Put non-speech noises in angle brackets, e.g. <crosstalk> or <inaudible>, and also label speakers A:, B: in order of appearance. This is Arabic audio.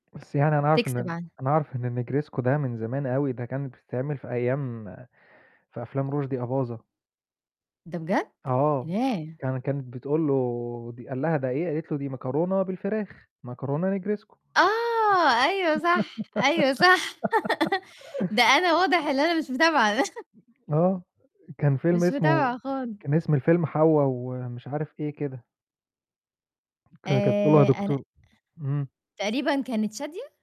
A: بس يعني أنا أعرف إن
B: تكسب
A: ال
B: عنها.
A: أنا أعرف إن الnegresco ده من زمان أوي ده كانت بتتعمل في أيام في أفلام رُشدي أباظة.
B: ده بجد؟!
A: آه.
B: ياه!
A: كان كانت بتقول له دي قال لها: "ده إيه" قالت له: "دي مكرونة بالفراخ، مكرونة negresco."
B: آه، أيوه صح، أيوه صح، <laughs> ده
A: <giggles>
B: أنا واضح اللي أنا مش متابعة د
A: آه، آآ كان فيلم
B: مش
A: اسمه
B: متابعة خال
A: كان اسم الفيلم حوّا و مش عارف إيه كده. كان كانت بتقول له: "يا
B: آآ، أنا أه
A: دكتور" إمم.
B: تقريبًا كانت شادية؟